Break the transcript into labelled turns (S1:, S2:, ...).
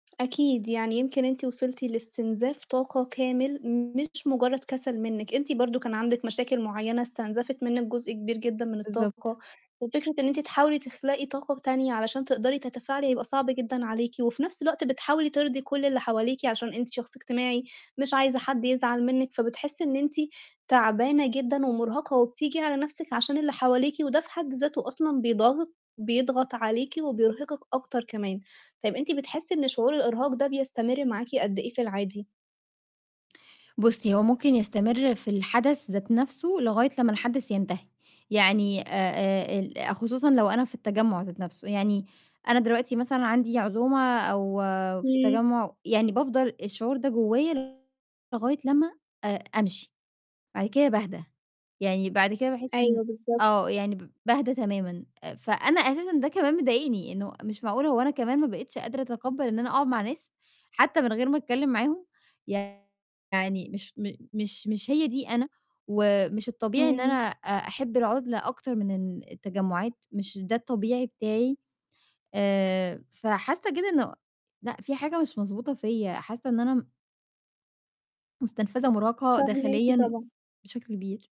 S1: أكيد، يعني يمكن أنتِ وصلتِ لاستنزاف طاقة كامل، مش مُجرّد كَسَل منِّك. أنتِ برضه كان عندِك مشاكل معيّنة استنزفِت منِّك جزء كبير جدًا من
S2: بالضبط.
S1: الطاقة، وفكرة إن أنتِ تحاولي تخلقي طاقة تانية علشان تقدري تتفاعلي هيبقى صعب جدًا عليكِ، وفي نَفْس الوقت بتحاولي ترضي كل اللي حواليكِ عشان أنتِ شخص اجتماعي، مش عايزة حد يزعل منِّك، فبتحسّي إن أنتِ تعبانة جدًا ومُرهقة وبتيجي على نَفْسِك عشان اللي حواليكِ، وده في حد ذاته أصلًا بيضاغِط بيضغط عليكِ وبيرهقِك أكتر كمان. طَيب أنتِ بتحسّي إن شعور الإرهاق ده بيستمر معاكِ قد إيه في العادي؟
S2: بُصّي، هو ممكن يستمر في الحدث ذات نَفْسه لغاية لمّا الحدث ينتهي، يعني آآ ال خصوصًا لو أنا في التجمُّع ذات نَفْسه، يعني أنا دلوقتي مثلًا عندي عزومة أو في
S1: إمم.
S2: تجمُّع، يعني بافضل الشعور ده جوّايا لغاية لمّا أ أمشي، بعد كده باهدا، يعني بعد كده باحس إن
S1: أيوه بالضبط.
S2: آه، يعني ب باهدا تمامًا. آآ فأنا أساسًا ده كمان مضايقني إنه مش معقول هو أنا كمان ما بقيتش قادرة أتقبَّل إن أنا أقعُد مع ناس، حتّى من غير ما أتكلِّم معاهم؟ يعني مش م مش مش هي دي أنا ومش الطبيعي إن أنا
S1: إمم.
S2: آآ أحِب العُزلة أكتر من إن التجمُّعات، مش ده الطبيعي بتاعي. آآ فحاسّة كده إنه لأ، في حاجة مش مضبوطة فيّا، حاسّة إن أنا م مُستنفذة ومُرهقة
S1: فاهماكِ
S2: داخليًا و
S1: طبعًا.
S2: بشكل كبير.